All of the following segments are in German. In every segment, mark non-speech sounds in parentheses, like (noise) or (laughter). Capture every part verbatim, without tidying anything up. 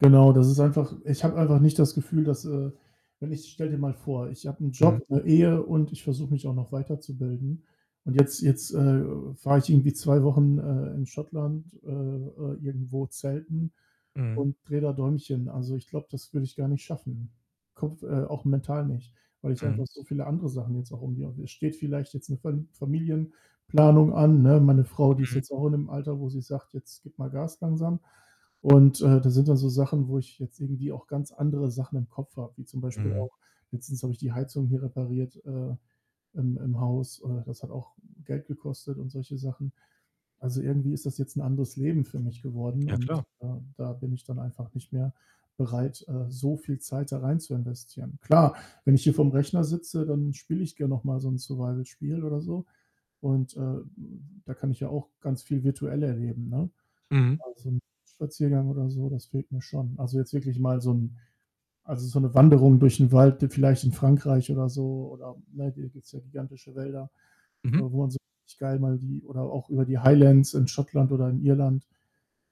Genau, das ist einfach ich habe einfach nicht das Gefühl, dass, äh, wenn ich stell dir mal vor, ich habe 'n Mhm. Job, 'ne Ehe und ich versuche mich auch noch weiterzubilden. Und jetzt jetzt, äh, fahre ich irgendwie zwei Wochen, äh, in Schottland, äh, äh, irgendwo Zelten Mhm. und drehe da Däumchen. Also, ich glaube, das würde ich gar nicht schaffen. Kopf äh, auch mental nicht, weil ich Mhm. einfach so viele andere Sachen jetzt auch irgendwie. (unintelligible) Es steht vielleicht jetzt 'ne Fa Familienplanung an, ne? Meine Frau, die ist Mhm. jetzt auch in dem Alter, wo sie sagt: „Jetzt gib mal Gas langsam.“ Und, äh, das sind dann so Sachen, wo ich jetzt irgendwie auch ganz andere Sachen im Kopf habe, wie zum Beispiel Mhm. auch letztens habe ich die Heizung hier repariert, äh, im im Haus. Äh, das hat auch Geld gekostet und solche Sachen. Also, irgendwie ist das jetzt 'n anderes Leben für mich geworden Ja, und, klar. ähm, da bin ich dann einfach nicht mehr bereit, äh, so viel Zeit da rein zu investieren. Klar, wenn ich hier vor'm Rechner sitze, dann spiele ich gern noch mal so 'n Survival-Spiel oder so. Und, äh, da kann ich ja auch ganz viel virtuell erleben, ne? Mhm. Aber so 'n Spaziergang oder so, das fehlt mir schon. Also, jetzt wirklich mal so 'n also so 'ne Wanderung durch 'n Wald, vielleicht in Frankreich oder so oder, ne, hier gibt's ja gigantische Wälder, Mhm. wo man so richtig geil mal die oder auch über die Highlands in Schottland oder in Irland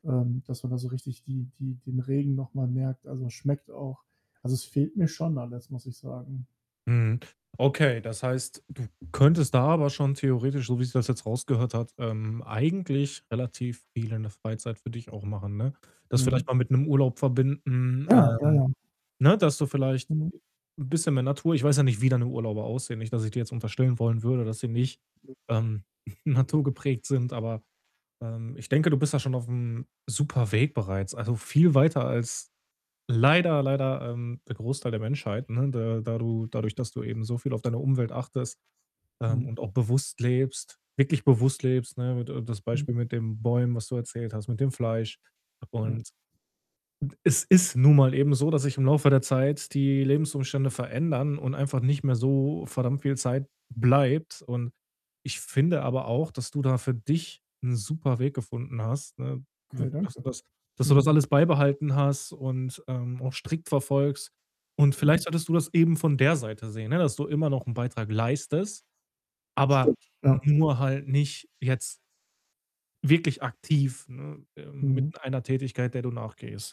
ähm, dass man da so richtig die die den Regen noch mal merkt. Also, es schmeckt auch also, es fehlt mir schon alles, muss ich sagen. Mhm. Okay, das heißt, du könntest da aber schon theoretisch, so wie sich das jetzt rausgehört hat, ähm, eigentlich relativ (unintelligible) Freizeit für dich auch machen, ne? Das vielleicht Mhm. mal mit 'nem Urlaub verbinden, Ja, ja, ähm, ja. ne, dass du vielleicht, Mhm. äh, bisschen mehr Natur ich weiß ja nicht, wie deine Urlauber aussehen. Nicht, dass ich dir jetzt unterstellen wollen würde, dass sie nicht, (unintelligible) ähm, (chuckles) (unintelligible) naturgeprägt sind, aber, ähm, ich denke, du bist da schon auf'm Superweg bereits, also viel weiter als, leider, leider, ähm, der Großteil der Menschheit, ne, da da du dadurch, dass du eben so viel auf deine Umwelt achtest, ähm, Mhm. und auch bewusst lebst, wirklich bewusst lebst, ne, mit d das Mhm. Beispiel mit den Bäumen, was du erzählt hast, mit dem Fleisch. Ja. Und, hm, es ist nun mal eben so, dass sich im Laufe der Zeit die Lebensumstände verändern und einfach nicht mehr so verdammt viel Zeit b bleibt. Und ich finde aber auch, dass du da für dich 'n Superweg gefunden hast, ne, w Okay, dass danke. du das dass du Mhm. das alles beibehalten hast und, ähm, auch strikt verfolgst. Und Mhm. vielleicht solltest du das eben von der Seite sehen, ne, dass du immer noch 'n Beitrag leistest, aber Stimmt, ja. nur halt nicht jetzt wirklich aktiv, ne, ähm, mit Mhm. einer Tätigkeit, der du nachgehst.